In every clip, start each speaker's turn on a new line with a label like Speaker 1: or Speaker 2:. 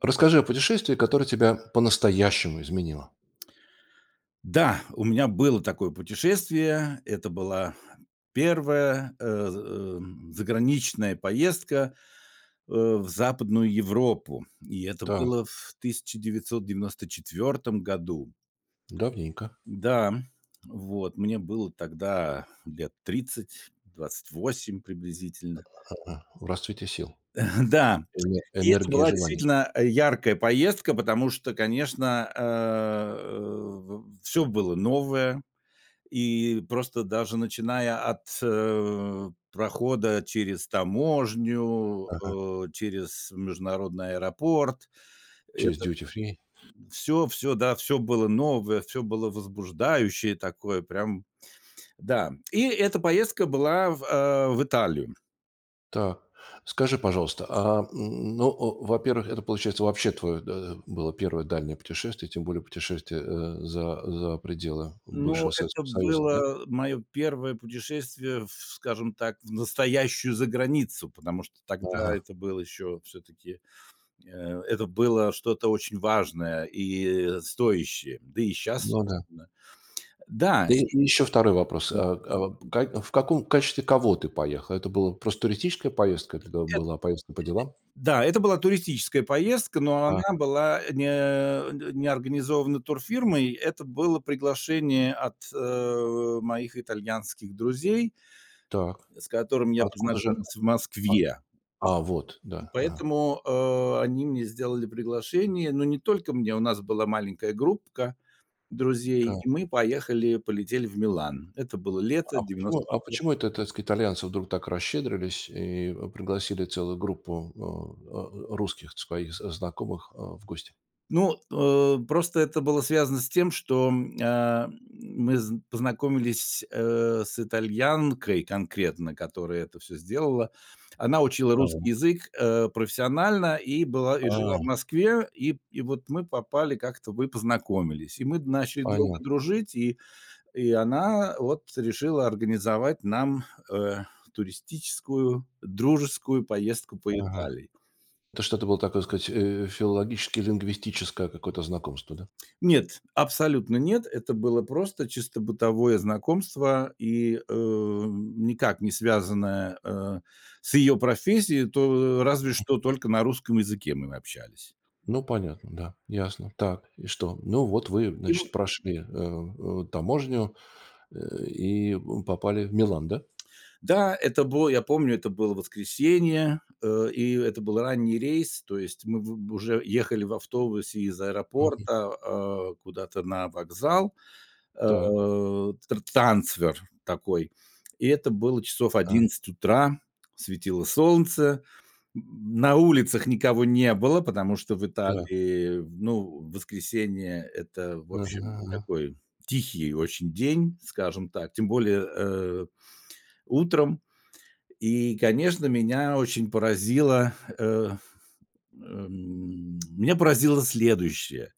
Speaker 1: Расскажи о путешествии, которое тебя по-настоящему изменило.
Speaker 2: Да, у меня было такое путешествие. Это была первая, э, за эм, заграничная поездка, э, в Западную Европу, и это
Speaker 1: Так.
Speaker 2: было в 1994 году.
Speaker 1: Давненько.
Speaker 2: Да, м, вот мне было тогда лет 30, 28 приблизительно.
Speaker 1: А, в расцвете сил,
Speaker 2: Да,
Speaker 1: эне
Speaker 2: и это
Speaker 1: энергии и
Speaker 2: была
Speaker 1: желаний.
Speaker 2: действительно, а, яркая поездка, потому что, конечно, э, в всё было новое, и просто даже начиная от, э, прохода через таможню,
Speaker 1: Ага.
Speaker 2: э, через международный аэропорт,
Speaker 1: Через
Speaker 2: это,
Speaker 1: Duty Free.
Speaker 2: м, всё всё, да, всё было новое, всё было возбуждающее такое прям. Да, и эта поездка была в э, в Италию.
Speaker 1: Так, скажи, пожалуйста, а н ну, а, во-первых, это, получается, вообще твое, да, было 1 дальнее путешествие, тем более путешествие, э, за за пределы
Speaker 2: Ну,
Speaker 1: бывшего
Speaker 2: это
Speaker 1: Советского Союза, да?
Speaker 2: было мое 1 путешествие в, скажем так, в настоящую заграницу, потому что тогда
Speaker 1: Ага.
Speaker 2: это было еще все-таки, э, это было что-то очень важное и стоящее. Да и щас,
Speaker 1: Ну да.
Speaker 2: собственно. Да
Speaker 1: И
Speaker 2: и
Speaker 1: и ещё 2 вопрос.
Speaker 2: да.
Speaker 1: А а как в каком качестве кого ты поехал? Это была просто туристическая поездка? Или это
Speaker 2: Эт
Speaker 1: была поездка по делам?
Speaker 2: Да, это была туристическая поездка, но
Speaker 1: А.
Speaker 2: она была, э, не, э, н не организована турфирмой. Это было приглашение от, э, моих итальянских друзей.
Speaker 1: Так.
Speaker 2: С которыми
Speaker 1: А
Speaker 2: я
Speaker 1: откуда же?
Speaker 2: познакомился в
Speaker 1: А,
Speaker 2: Москве.
Speaker 1: а, вот,
Speaker 2: Пой
Speaker 1: да. Ага.
Speaker 2: поэтому, э, они мне сделали приглашение, но не только мне, у нас была маленькая группка друзей,
Speaker 1: Так.
Speaker 2: и мы поехали, полетели в Милан. Это было лето
Speaker 1: А почему,
Speaker 2: девяносто
Speaker 1: а
Speaker 2: четвертого.
Speaker 1: почему это, так сказать, итальянцы вдруг так расщедрились и, а, пригласили целую группу, а, а, ру русских своих з знакомых, а, в гости?
Speaker 2: Ну, э, просто это было связано с тем, что, м, а мы зн познакомились с, э, с итальянкой конкретно, которая это всё сделала. Она учила русский
Speaker 1: Так.
Speaker 2: язык, э, профессионально и была, и жила в
Speaker 1: А.
Speaker 2: Москве, и, п и вот мы попали как-то, мы познакомились, и мы начали друг друга
Speaker 1: Понятно.
Speaker 2: дружить, и и она вот решила организовать нам, э, туристическую дружескую поездку по
Speaker 1: Ага.
Speaker 2: Италии.
Speaker 1: Это что-то было такое, сказать, э, филологически-лингвистическое какое-то знакомство, да?
Speaker 2: Нет, абсолютно нет, это было просто чисто бытовое знакомство и, э, никак не связанное, э, с её профессией, то разве
Speaker 1: Мгм.
Speaker 2: что только на русском языке мы общались.
Speaker 1: Ну, понятно, да, ясно. Так, и что? Ну, вот, вы,
Speaker 2: И
Speaker 1: значит,
Speaker 2: вот.
Speaker 1: прошли, э, э, таможню, э, и, м, попали в Милан, да?
Speaker 2: Да, это было, я помню, это было воскресенье, э, и это был ранний рейс, то есть мы вы б уже ехали в автобусе из
Speaker 1: Мгм.
Speaker 2: аэропорта, а, куда-то на вокзал, а,
Speaker 1: Так.
Speaker 2: тра трансфер такой, и это было часов
Speaker 1: Да.
Speaker 2: 11 утра, светило солнце, м, на улицах никого не было, потому что в
Speaker 1: Так.
Speaker 2: Италии, ну, воскресенье- это, в
Speaker 1: Ага,
Speaker 2: общем,
Speaker 1: ага.
Speaker 2: такой тихий очень день, скажем так, тем более, э, утром. И, конечно, меня очень поразило, э, эм. Меня поразило следующее.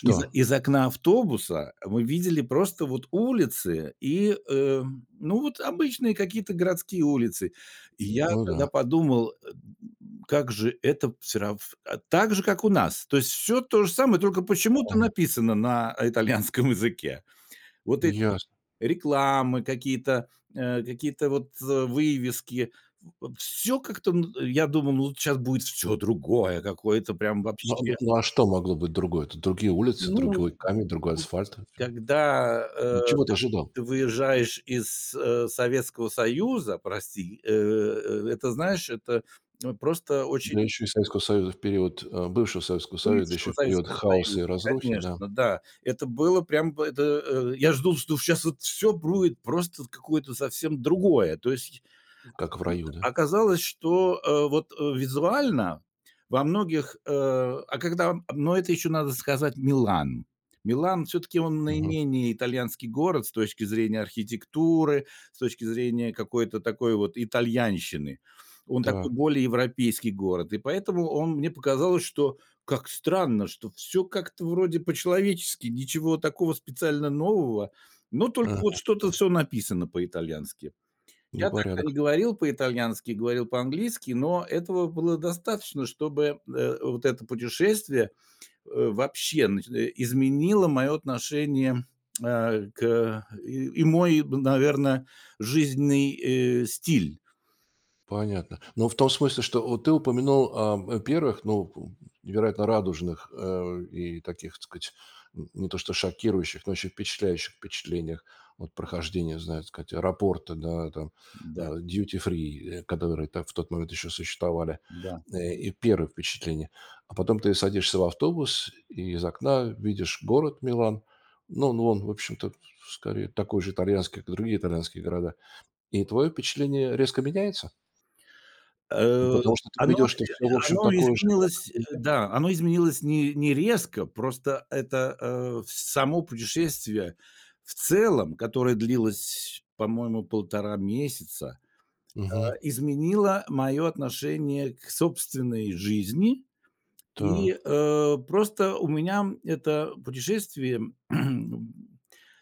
Speaker 2: Из о из окна автобуса мы видели просто вот улицы и, э, ну вот обычные какие-то городские улицы. И я
Speaker 1: Ну
Speaker 2: тогда
Speaker 1: да.
Speaker 2: подумал, э, м, как же это всё рав а, так же, как у нас. То есть всё то же самое, только почему-то
Speaker 1: Мгм.
Speaker 2: написано на итальянском языке. Вот эти
Speaker 1: Ясно.
Speaker 2: рекламы, какие-то, а, какие-то вот, э, вывески, в всё как-то, м, я думал, ну вот щас будет всё другое какое-то прям
Speaker 1: Н ну, а
Speaker 2: вообще.
Speaker 1: ну, а что могло быть другое? Это другие улицы,
Speaker 2: Ну, может
Speaker 1: другой камень, другой
Speaker 2: быть, да.
Speaker 1: асфальт? [unintelligible]
Speaker 2: Когда, э,
Speaker 1: М, чего ты
Speaker 2: ты
Speaker 1: ожидал?
Speaker 2: ты выезжаешь из, э, Советского Союза, прости, э, это, знаешь, это просто
Speaker 1: Да
Speaker 2: очень
Speaker 1: ещё и Советского Союза в период, а, бывшего Советского Союза, да
Speaker 2: Бывшего
Speaker 1: ещё и в период
Speaker 2: Советского
Speaker 1: хаоса
Speaker 2: Союза,
Speaker 1: и разрухи, да.
Speaker 2: конечно. Да, это было прям бы это, э. Я жду, что щас вот всё будет просто вот какое-то совсем другое. То есть,
Speaker 1: М,
Speaker 2: а
Speaker 1: как в
Speaker 2: тут
Speaker 1: раю, да?
Speaker 2: оказалось, что, э, вот, э, визуально во многих, э, а когда но это еще надо сказать- Милан. Милан, всё-таки, он
Speaker 1: Мгм.
Speaker 2: наименее итальянский город с точки зрения архитектуры, с точки зрения какой-то такой вот итальянщины, он такой
Speaker 1: Так.
Speaker 2: более европейский город, и поэтому он мне показалось, что как странно, что всё как-то вроде по-человечески, ничего такого специально нового, но только
Speaker 1: Ага,
Speaker 2: вот
Speaker 1: ага.
Speaker 2: что-то всё написано по-итальянски. Я тогда не
Speaker 1: Непорядок.
Speaker 2: говорил по-итальянски, говорил по-английски, но этого было достаточно, чтобы, э, вот это путешествие, э, вообще, значит, э, изменило мое отношение, э, к и и мой, наверно, жизненный, э, стиль.
Speaker 1: Понятно. Но в том смысле, что вот ты упомянул о о 1, ну, п невероятно радужных, э, и таких, так сказать, м не то что шокирующих, но очень впечатляющих впечатлениях от прохождения, не знаю, так сказать, аэропорта там,
Speaker 2: Да.
Speaker 1: а, Duty Free, э, которые там в тот момент еще существовали,
Speaker 2: Да.
Speaker 1: э, и 1 впечатление. А потом ты садишься в автобус и из окна видишь город Милан. Ну, он, в общем-то, с скорее, такой же итальянский, как другие итальянские города. И твое впечатление резко меняется? Ну,
Speaker 2: Э,
Speaker 1: потому что ты
Speaker 2: оно,
Speaker 1: видел,
Speaker 2: э,
Speaker 1: что всё, в общем,
Speaker 2: оно
Speaker 1: такое же, как
Speaker 2: изменилось, э,
Speaker 1: везде.
Speaker 2: да, оно изменилось не не резко, просто это, э, с само путешествие в целом, которое длилось, по-моему, 1,5 месяца, а,
Speaker 1: Мгм.
Speaker 2: изменило моё отношение к собственной жизни, и,
Speaker 1: Так.
Speaker 2: э, просто у меня это путешествие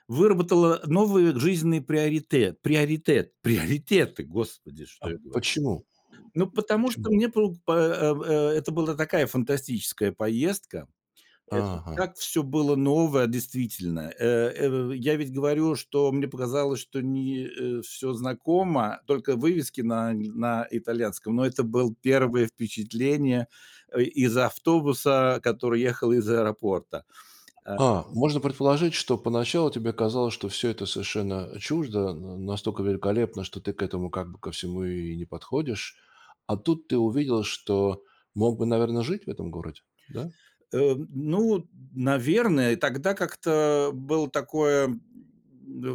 Speaker 2: выработало новые жизненные приоритет приоритет приоритеты, Господи, что
Speaker 1: А
Speaker 2: я говорю.
Speaker 1: почему? М,
Speaker 2: Ну, потому что
Speaker 1: почему?
Speaker 2: мне по по э, а, это была такая фантастическая поездка, это и
Speaker 1: Ага.
Speaker 2: так всё было новое, действительно, э, эв в Я ведь говорю, что мне показалось, что мне, э, всё знакомо, только вывески на на итальянском, но это был
Speaker 1: Так.
Speaker 2: 1 впечатление, а, из автобуса, который ехал из аэропорта, а.
Speaker 1: А, можно предположить, что поначалу тебе казалось, что всё это совершенно, а, чуждо, на настолько великолепно, что ты к этому как бы ко всему и не подходишь. А тут ты увидел, что мог бы, наверно, жить в этом городе, да?
Speaker 2: Эм, ну, наверное, тогда как-то было такое, м,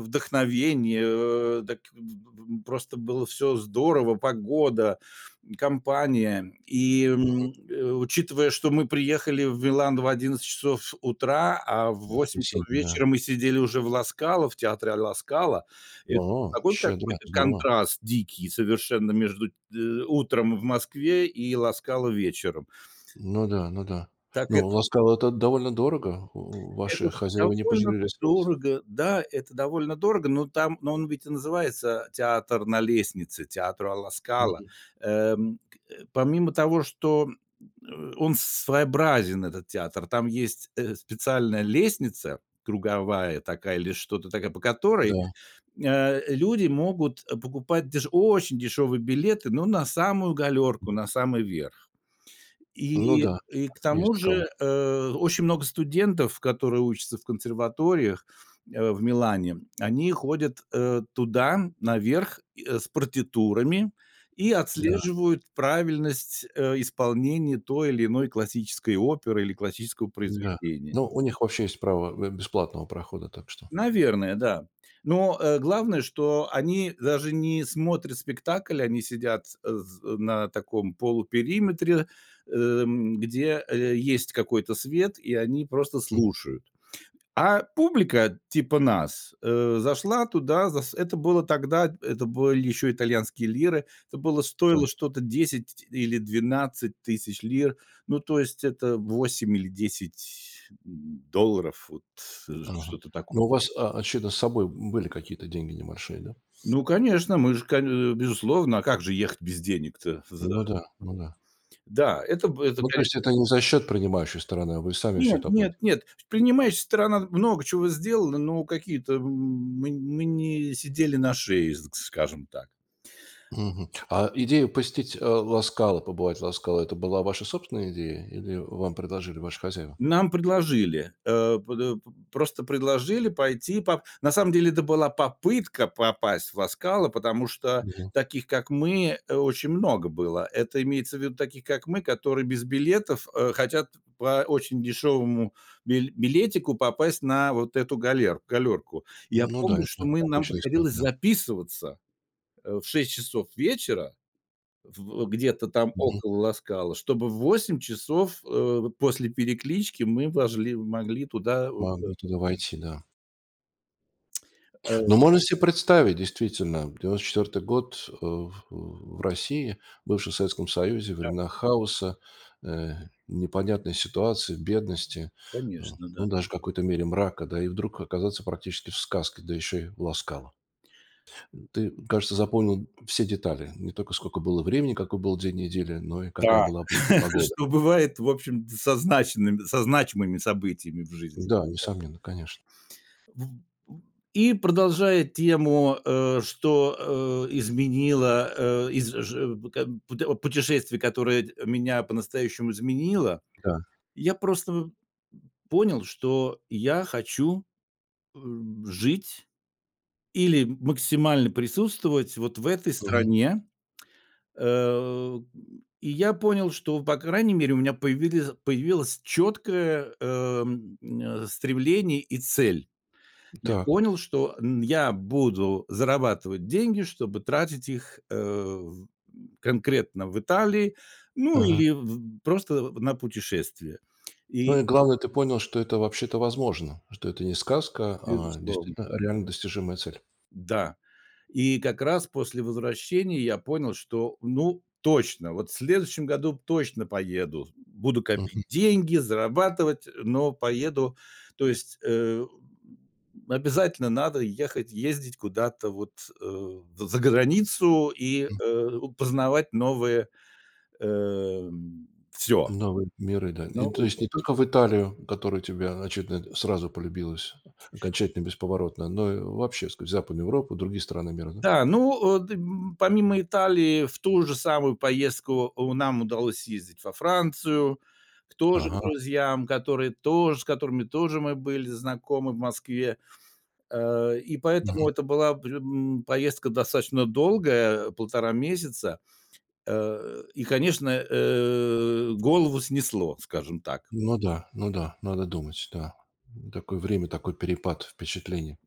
Speaker 2: вдохновение, э, так, п п п просто было всё здорово: погода, м, компания. И,
Speaker 1: Мгм.
Speaker 2: м, э, учитывая, что мы приехали в Милан в 11 часов утра, а в 8 часов
Speaker 1: Воскресенье, да.
Speaker 2: вечера мы сидели уже в "Ла Скала", в театре "ала Скала"- это
Speaker 1: А,
Speaker 2: такой
Speaker 1: щедро,
Speaker 2: какой-то
Speaker 1: здорово.
Speaker 2: контраст дикий совершенно между, э, утром в Москве и "Ла Скала" вечером.
Speaker 1: Ну да, ну да.
Speaker 2: Так
Speaker 1: Но в
Speaker 2: это.
Speaker 1: "Ла Скала" это довольно дорого, э,
Speaker 2: Это
Speaker 1: ваши хозяева не
Speaker 2: довольно
Speaker 1: пожалели, так сказать.
Speaker 2: дорого, да, это довольно дорого, но там но он ведь и называется театр на лестнице, театр "Ла Скала",
Speaker 1: Мгм.
Speaker 2: эм, э. Помимо того, что, э, он своеобразен, этот театр, там есть, э, специальная лестница, круговая такая или что-то такая, по которой,
Speaker 1: Да.
Speaker 2: э, люди могут покупать деш очень дешевые билеты, но на самую
Speaker 1: М.
Speaker 2: галёрку, на самый верх.
Speaker 1: Ну
Speaker 2: И
Speaker 1: да,
Speaker 2: и к
Speaker 1: есть
Speaker 2: тому
Speaker 1: таковой.
Speaker 2: же, э, очень много студентов, которые учатся в консерваториях, э, в Милане, они ходят, э, туда, наверх, и, э, с партитурами, и
Speaker 1: Да.
Speaker 2: отслеживают правильность, э, исполнения той или иной классической оперы или классического
Speaker 1: Да.
Speaker 2: произведения.
Speaker 1: Но у них вообще есть право бе бесплатного прохода, так что
Speaker 2: Наверное, да. Но, э, главное, что они даже не смотрят спектакль, они сидят, э, з э, на таком полупериметре, эм, где, э, есть какой-то свет, и они просто
Speaker 1: Мгм.
Speaker 2: слушают. А публика типа нас, э, зашла туда, за с это было тогда, эт это были еще итальянские лиры, это было
Speaker 1: Так.
Speaker 2: стоило что-то 10 или 12 тысяч лир, ну, то есть, это 8 или 10 м долларов, вот, э,
Speaker 1: Ага.
Speaker 2: что-то
Speaker 1: Но
Speaker 2: такое.
Speaker 1: у вас, о очевидно, с собой, м, были какие-то деньги небольшие, да?
Speaker 2: Ну, конечно, мы же коне безусловно, а как же ехать без денег-то, за?
Speaker 1: Ну да, ну да.
Speaker 2: Да, это бы это
Speaker 1: Ну, то
Speaker 2: кане
Speaker 1: есть это не за счёт принимающей стороны, а вы сами всё
Speaker 2: Нет,
Speaker 1: это
Speaker 2: нет,
Speaker 1: оплатили?
Speaker 2: нет, принимающая сторона много чего сделала, но какие-то м, мы мы не сидели на шее, з скажем так.
Speaker 1: Мгм, мгм. А идея посетить, а, "Ла Скала", побывать в "Ла Скала", это была ваша собственная идея? Или вам предложили ваши хозяева?
Speaker 2: Нам предложили, а под э, п просто предложили пойти поп на самом деле это была попытка попасть в "Ла Скала", потому что
Speaker 1: Мгм.
Speaker 2: таких, как мы, э, очень много было. Это имеется в виду таких, как мы, которые без билетов, э, хотят п по очень дешёвому бил билетику попасть на вот эту галер галёрку.
Speaker 1: М,
Speaker 2: Я
Speaker 1: ну да,
Speaker 2: помню, что
Speaker 1: это
Speaker 2: мы нам
Speaker 1: обычная история.
Speaker 2: приходилось
Speaker 1: Да.
Speaker 2: записываться, э, в 6 часов вечера в где-то там
Speaker 1: Мгм.
Speaker 2: около "Ла Скала", чтобы в 8 часов, а, после переклички мы вошли могли туда войти.
Speaker 1: Могли туда войти, да.
Speaker 2: Э.
Speaker 1: Но можно се представить, действительно, 94-й год, э, в э, в России, бывшей в Советском Союзе-
Speaker 2: Да.
Speaker 1: времена хаоса, э, непонятной ситуации, бедности, э,
Speaker 2: Конечно, да.
Speaker 1: ну, даже в какой-то мере мрака, да, и вдруг оказаться практически в сказке, да еще и в "Ла Скала". М, ты, кажется, запомнил все детали. Не только скока было времени, какой был день недели, но и какая
Speaker 2: Да.
Speaker 1: была по погода.
Speaker 2: Что бывает, в общем-то, со значинымы со значимыми событиями в жизни. Да-да-да.
Speaker 1: Да, несомненно, конечно.
Speaker 2: В в и продолжая тему, э, что, э, изменило, э, из ж п как бы п о путешествий, которое д меня по-настоящему изменило,
Speaker 1: Да.
Speaker 2: я просто понял, что я хочу, эм, жить или, м максимально присутствовать вот в этой
Speaker 1: Мгм.
Speaker 2: стране, э. И я понял, что, по крайней мере, у меня появились появилось четкое, эм, э, стремление и цель. Я
Speaker 1: М-да.
Speaker 2: понял, что, м, я буду зарабатывать деньги, чтобы тратить их, э, в м, конкретно в Италии, ну, или
Speaker 1: Ага.
Speaker 2: в просто на путешествия. И
Speaker 1: Ну и, главное, ты понял, что это вообще-то возможно, что это не сказка, а
Speaker 2: Безусловно.
Speaker 1: действительно реально достижимая цель.
Speaker 2: М-да. И как раз после возвращения я понял, что, ну, точно, вот в следующем году точно поеду, буду копить
Speaker 1: Мгм.
Speaker 2: деньги, зарабатывать, но поеду. То есть, э, м, обязательно надо ехать, ездить куда-то вот, э, в заграницу и,
Speaker 1: М.
Speaker 2: э, познавать новые, эм. Всё.
Speaker 1: Новые миры, да, и То
Speaker 2: Новые
Speaker 1: есть
Speaker 2: [unintelligible]
Speaker 1: не только в Италию, которая тебе, очевидно, сразу полюбилась
Speaker 2: Тише.
Speaker 1: окончательно, бесповоротно, но и вообще, так сказать, в Западную Европу, другие страны мира, да?
Speaker 2: Да, ну, а д м помимо Италии, в ту же самую поездку у нам удалось съездить во Францию к тоже к
Speaker 1: Ага.
Speaker 2: друзьям, которые тоже, с которыми тоже мы были знакомы в Москве, э, и поэтому
Speaker 1: Мгм.
Speaker 2: это была пр м поездка достаточно долгая, 1,5 месяца, э, и, конечно, э, голову снесло, скажем так.
Speaker 1: Ну да. Ну да, надо думать, да, такое время, такой перепад впечатлений,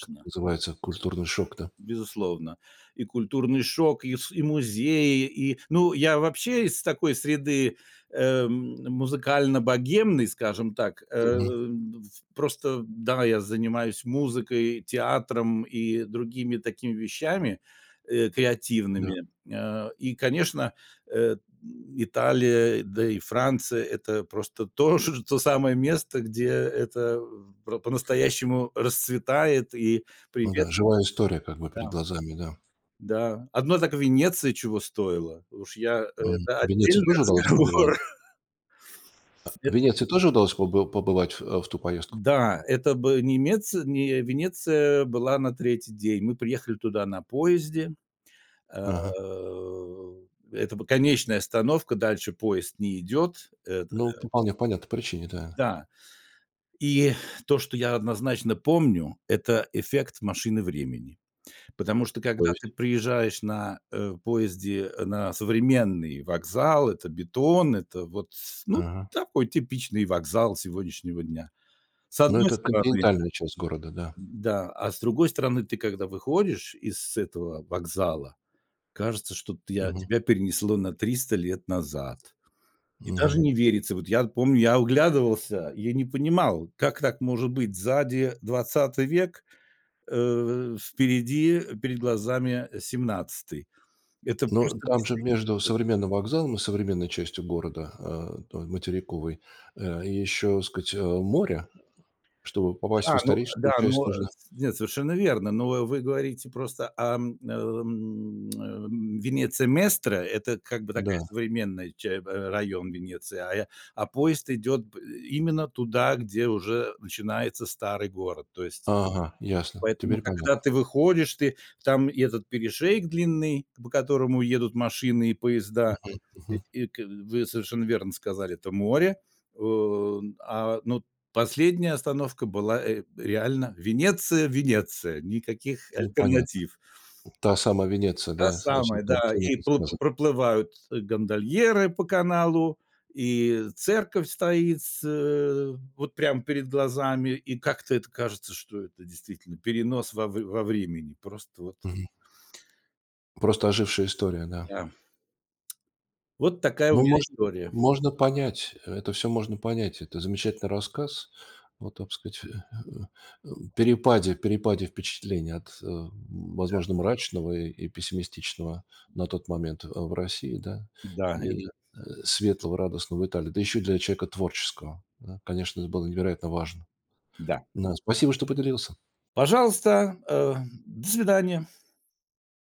Speaker 1: как называется, культурный шок, да?
Speaker 2: Безусловно, и культурный шок, и св и музеи, и, ну, я вообще из такой среды, эм, музыкально-богемной, скажем так,
Speaker 1: Мгм.
Speaker 2: эм, в просто, да, я занимаюсь музыкой, театром и другими такими вещами, э,
Speaker 1: Да.
Speaker 2: креативными, а, и, конечно, э, м, Италия, да и Франция- это просто то то самое место, где это в про по-настоящему расцветает и
Speaker 1: Ну да. Живая
Speaker 2: приветствуется,
Speaker 1: история как бы
Speaker 2: да.
Speaker 1: перед глазами. Да.
Speaker 2: Да, одной так Венеции чего стоило, уж я
Speaker 1: Мгм,
Speaker 2: это
Speaker 1: в Венеции
Speaker 2: отдельный
Speaker 1: тоже удалось побывать?
Speaker 2: разговор.
Speaker 1: А в
Speaker 2: Эт
Speaker 1: Венеции тоже удалось побы побывать, а в ту поездку?
Speaker 2: Да, это бы немеци не Венеция была на 3 день. Мы приехали туда на поезде. Э,
Speaker 1: Ага.
Speaker 2: это б конечная остановка, дальше поезд не идёт. Это
Speaker 1: Ну, по
Speaker 2: да.
Speaker 1: вполне понятной причине. Да.
Speaker 2: Да. И то, что я однозначно помню- это эффект машины времени, потому что когда ты
Speaker 1: Полность
Speaker 2: приезжаешь на, э, поезде, э, на современный вокзал, это бетон, это вот, ну,
Speaker 1: Ага.
Speaker 2: такой типичный вокзал сегодняшнего дня, с
Speaker 1: Ну,
Speaker 2: одной
Speaker 1: это
Speaker 2: стороны.
Speaker 1: континентальная часть города, да.
Speaker 2: Да, а с другой стороны, ты когда выходишь из этого вокзала, кажется, что ты а,
Speaker 1: Мгм.
Speaker 2: тебя перенесло на 300 лет назад. Мне даже
Speaker 1: Мгм.
Speaker 2: не верится. Вот я помню, я оглядывался, я не понимал, как так может быть: сзади 20 век, э, в впереди перед глазами 17. Это
Speaker 1: Но
Speaker 2: просто в
Speaker 1: там же,
Speaker 2: действительности.
Speaker 1: между современным вокзалом и современной частью города, а, той материковой, а, еще, так сказать, а, море. Чтобы попасть в
Speaker 2: Да, ну
Speaker 1: историческую
Speaker 2: да,
Speaker 1: часть,
Speaker 2: ну
Speaker 1: нужно
Speaker 2: нет, совершенно верно. Но вы говорите просто ам, ам, ам, Венеция Местра- это как бы такая
Speaker 1: Да.
Speaker 2: современная ча б а район Венеции, а я а поезд идёт б э, именно туда, где уже начинается старый город. То есть
Speaker 1: Ага, ясно.
Speaker 2: поэтому,
Speaker 1: Теперь
Speaker 2: когда
Speaker 1: понятно.
Speaker 2: ты выходишь, ты там, и этот перешеек длинный, к по которому едут машины и поезда,
Speaker 1: Мгм,
Speaker 2: и
Speaker 1: мгм.
Speaker 2: это вы совершенно верно сказали, это море, э, а, ну, последняя остановка была, э, реально Венеция, Венеция, никаких
Speaker 1: Ну, понятно.
Speaker 2: альтернатив.
Speaker 1: Та самая Венеция,
Speaker 2: Та
Speaker 1: да? Со
Speaker 2: самая,
Speaker 1: всех
Speaker 2: да,
Speaker 1: картинок
Speaker 2: и
Speaker 1: и
Speaker 2: проплы
Speaker 1: сказок.
Speaker 2: проплывают, э, гондольеры по каналу, и церковь стоит, э, вот прям перед глазами, и как-то это кажется, что это действительно перенос во в во времени, просто вот.
Speaker 1: Мгм. Просто ожившая история, да.
Speaker 2: Да. Вот такая у
Speaker 1: Ну,
Speaker 2: меня
Speaker 1: можно
Speaker 2: история.
Speaker 1: можно понять, это всё можно понять. Это замечательный рассказ о, так сказать, а, перепаде перепаде впечатлений от, э,
Speaker 2: Да.
Speaker 1: возможно, мрачного и и пессимистичного, а, на тот момент, а, в России, да,
Speaker 2: Да,
Speaker 1: и,
Speaker 2: это.
Speaker 1: э, светлого, радостного в Италии. Да еще и для человека творческого, да. Конечно, это было невероятно важно,
Speaker 2: Да.
Speaker 1: да. Спасибо, что поделился.
Speaker 2: Пожалуйста, а, до свидания.